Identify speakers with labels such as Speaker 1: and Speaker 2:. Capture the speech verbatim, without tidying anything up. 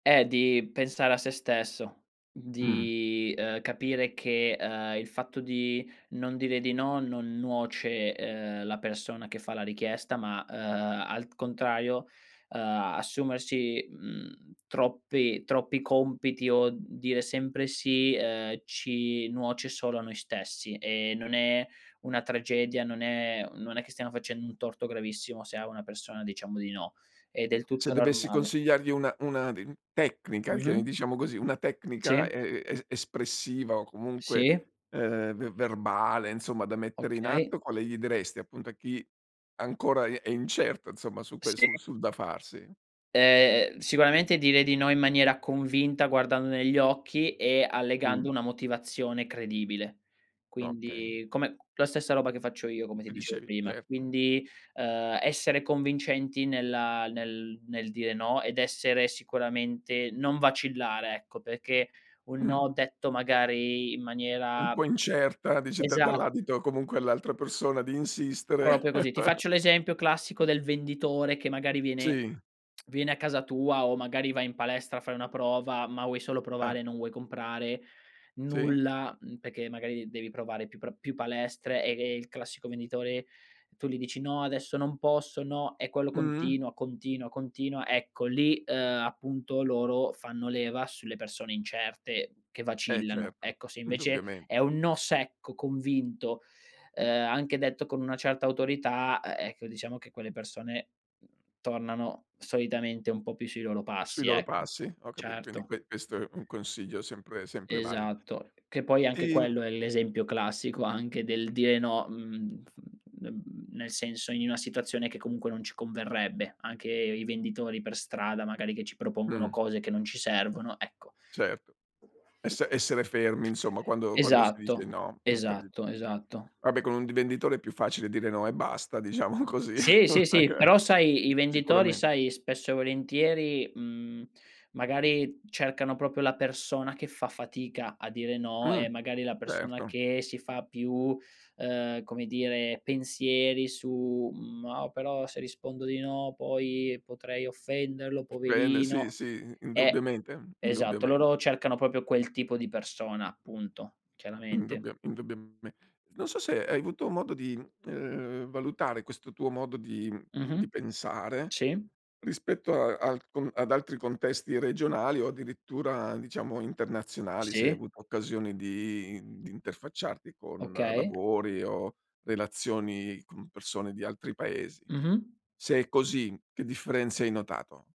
Speaker 1: Eh, di pensare a sé stesso,
Speaker 2: Mh.
Speaker 1: di, uhm, capire che, uhm, il fatto di non dire di no, non nuoce, uhm, la persona che fa la richiesta, ma, uhm, al contrario, uhm, assumersi, mhmm, troppi troppi compiti, o dire sempre sì, uhm, ci nuoce solo a noi stessi, e non è una tragedia, non è non è che stiano facendo un torto gravissimo se a una persona diciamo di no, è del
Speaker 2: Se
Speaker 1: tutto
Speaker 2: dovessi
Speaker 1: normale.
Speaker 2: consigliargli una una di tecnica che
Speaker 1: Mh-mh.
Speaker 2: diciamo così, una tecnica
Speaker 1: Sì.
Speaker 2: e e e espressiva, o comunque,
Speaker 1: Sì.
Speaker 2: uhm, ve verbale, insomma, da mettere in
Speaker 1: Okay.
Speaker 2: atto, quale gli diresti, appunto, a chi ancora è i è incerto, insomma, su ques
Speaker 1: Sì.
Speaker 2: su sul da farsi?
Speaker 1: Eh, ehm, sicuramente dire di no in maniera convinta guardando negli occhi, e
Speaker 2: Mh.
Speaker 1: allegando una motivazione credibile.
Speaker 2: Okay.
Speaker 1: Quindi, come la stessa roba che faccio io, come ti
Speaker 2: Mi
Speaker 1: dicevo
Speaker 2: dicevi
Speaker 1: prima.
Speaker 2: Certo.
Speaker 1: Quindi, uhm, essere convincenti nella nel nel dire no, ed essere sicuramente non vacillare, ecco, pecché un
Speaker 2: Mh.
Speaker 1: no detto, magari, in
Speaker 2: Un
Speaker 1: maniera
Speaker 2: po' incerta, dici, dà
Speaker 1: Esa
Speaker 2: dall'adito, comunque, all'altra persona di insistere.
Speaker 1: propio così. Ti faccio l'esempio classico del venditore che, magari, viene
Speaker 2: Sì.
Speaker 1: viene a casa tua, o magari vai in palestra, fai una prova, ma vuoi solo
Speaker 2: Ah.
Speaker 1: provare, e non vuoi comprare
Speaker 2: Sì.
Speaker 1: nulla, mhmm, pecché, magari, devi provare più pro più palestre, ehm, e il classico venditore tu li dici: "No, adesso non posso, no." E, quello
Speaker 2: Mh-mh.
Speaker 1: continuo, contina, continua. Ecco, lì, uhm, appunto, loro fanno leva sulle persone incerte che
Speaker 2: Eh,
Speaker 1: vacillano.
Speaker 2: certo.
Speaker 1: Ecco, se invece
Speaker 2: Indubbiamen
Speaker 1: è un no secco, convinto, uhm, anche detto con una certa autorità, uhm, ecco, diciamo che quelle persone, mhmm, tornano solitamente un po' più sui loro
Speaker 2: Sui
Speaker 1: passi,
Speaker 2: loro
Speaker 1: ecco.
Speaker 2: passi, ho capit Quindi,
Speaker 1: Certo.
Speaker 2: que questo è un consiglio sempre sempre vali
Speaker 1: Esatto. Che poi anche
Speaker 2: Ti
Speaker 1: quello è l'esempio classico anche del dire no, mhmm, f mhmm, nel senso in una situazione che comunque non ci converrebbe, anche i venditori per strada, magari, che ci propongono
Speaker 2: Mh.
Speaker 1: cose che non ci servono, ecco.
Speaker 2: Certo. Esse essere fermi, insomma, quando quando si dice
Speaker 1: Esatto,
Speaker 2: no. Mh. Capi
Speaker 1: esatto, esatto.
Speaker 2: Vabbè con un divenditore è più facile dire no e basta, diciamo così.
Speaker 1: Sì, sì, sì. Però sai, i venditori,
Speaker 2: Sicuramen
Speaker 1: sai, spesso e volentieri, mhmm, magari, cercano propio la persona che fa fatica a dire no,
Speaker 2: Mh.
Speaker 1: e magari, la persona
Speaker 2: Certo.
Speaker 1: che si fa più, uhm, come dire, pensieri su: "Mo' però se rispondo di no, poi, potrei offenderlo.
Speaker 2: Bene. Sì,
Speaker 1: Poverino."
Speaker 2: sì. I
Speaker 1: Eh,
Speaker 2: indubbiamente,
Speaker 1: esatto,
Speaker 2: indubbiament
Speaker 1: loro cercano propio quel tipo di persona, punto, chiaramente.
Speaker 2: Indubbio indubbiame Non so se hai avuto modo di, uhm, valutare questo tuo modo di, mhmm, di
Speaker 1: Mh-mh.
Speaker 2: pensare,
Speaker 1: Sì.
Speaker 2: rispetto a al con ad altri contesti regionali, o addirittura diciamo internazionali, se hai
Speaker 1: Sì.
Speaker 2: avuto occasioni di, mhmm, di interfacciarti con
Speaker 1: Okay.
Speaker 2: lavori, o relazioni con persone di altri paesi.
Speaker 1: Mh-mh.
Speaker 2: Se è così, che differenze hai notato?